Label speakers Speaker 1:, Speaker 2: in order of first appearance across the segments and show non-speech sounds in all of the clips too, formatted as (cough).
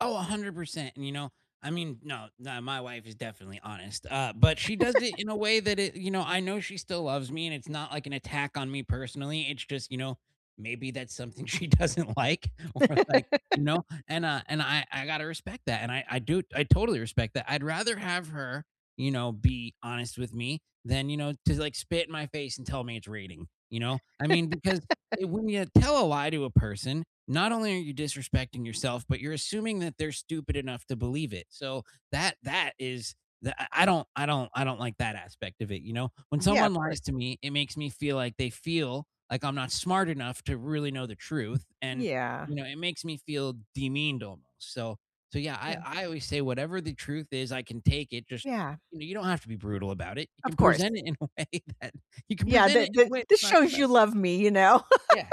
Speaker 1: Oh, 100%, and, you know, I mean no, nah, my wife is definitely honest. Uh, but she does it
Speaker 2: (laughs)
Speaker 1: in a way that it you know, I know she still loves me and it's not, like, an attack on me personally. It's just, you know, maybe that's something she doesn't like, or like, you
Speaker 2: (laughs)
Speaker 1: know, and, uh, and I I gotta respect that, and I I do, I totally respect that. I'd rather have her, you know, be honest with me than, you know, just, like, spit in my face and tell me it's raining, you know? I mean, because
Speaker 2: (laughs)
Speaker 1: when you tell a lie to a person, not only are you disrespecting yourself, but you're assuming that they're stupid enough to believe it, so, that that is the I I don't I don't I don't like that aspect of it, you know? When
Speaker 2: Yeah, of
Speaker 1: someone lies
Speaker 2: course.
Speaker 1: to me, it makes me feel like they feel like I'm not smart enough to really know the truth, and,
Speaker 2: Yeah.
Speaker 1: you know, it makes me feel demeaned almost, so so yeah, I
Speaker 2: Yeah.
Speaker 1: I always say whatever the truth is, I can take it just,
Speaker 2: Yeah.
Speaker 1: you don't have to be brutal about it, you
Speaker 2: Of
Speaker 1: can
Speaker 2: course.
Speaker 1: present it in a way that you can
Speaker 2: Yeah,
Speaker 1: present
Speaker 2: th
Speaker 1: it in
Speaker 2: th
Speaker 1: a way that
Speaker 2: this
Speaker 1: we can talk
Speaker 2: shows
Speaker 1: about
Speaker 2: you
Speaker 1: it.
Speaker 2: love me, you know?
Speaker 1: Yeah,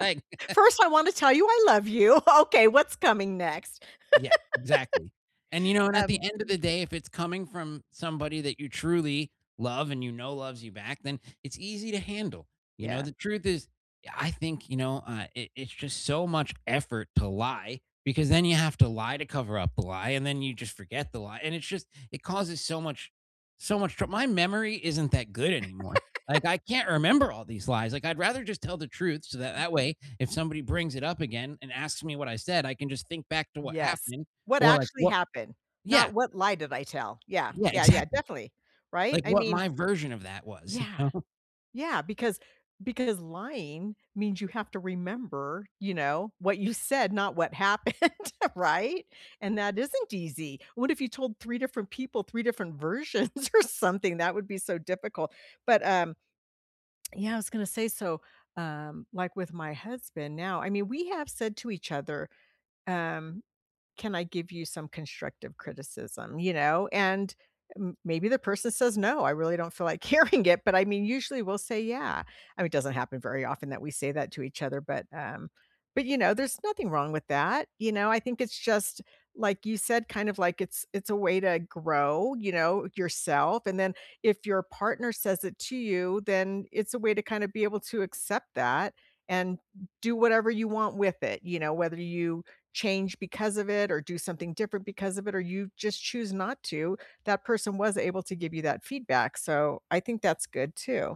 Speaker 1: right.
Speaker 2: First, I wanna tell you, "I love you." Okay, what's coming next?
Speaker 1: Yeah, exactly, and, you know,
Speaker 2: (laughs)
Speaker 1: and at the
Speaker 2: Um,
Speaker 1: end of
Speaker 2: m
Speaker 1: the day, if it's coming from somebody that you truly love and you know loves you back, then it's easy to handle. You know,
Speaker 2: Yeah.
Speaker 1: the truth is, I think, you know, I it it's just so much effort to lie because then you have to lie to cover up the lie, and then you just forget the lie, and it's just it causes so much so much troub my memory isn't that good anymore. Like,
Speaker 2: (laughs)
Speaker 1: I can't remember all these lies. Like, I'd rather just tell the truth so that
Speaker 2: (unintelligible)
Speaker 1: that way, if somebody brings it up again and asks me what I said, I can just think back to what
Speaker 2: Yes.
Speaker 1: happened
Speaker 2: "What
Speaker 1: or, like,
Speaker 2: actually
Speaker 1: what
Speaker 2: happened?"
Speaker 1: Yeah.
Speaker 2: Not, "What lie did I tell?" Yeah.
Speaker 1: Yeah,
Speaker 2: Yeah, yeah.
Speaker 1: exactly.
Speaker 2: Definitely. Right?
Speaker 1: Like,
Speaker 2: I
Speaker 1: what
Speaker 2: mean
Speaker 1: my version of that was, you
Speaker 2: Yeah,
Speaker 1: know?
Speaker 2: yeah, because because lying means you have to remember, you know, what you said, not what happened, right, and that isn't easy. What if you told 3 different people 3 different versions or something? That would be so difficult, but, um, (tsk) yeah, I was gonna say, so, um, like with my husband now I mean, we have said to each other, um, "Can I give you some constructive criticism," you know? And m maybe the person says, "No, I really don't feel like hearing it," but, I mean, usually, we'll say, "Yeah." I mean, doesn't happen very often that we say that to each other, but, um, but, you know, there's nothing wrong with that, you know, I think it's just, like you said, kind of, like, it's it's a way to grow, you know, yourself, and then if your partner says it to you, then it's a way to kinda be able to accept that, and do whatever you want with it, you know. Whether you change because of it or do something different because of it, or you just choose not to, that person was able to give you that feedback, so, I think that's good too.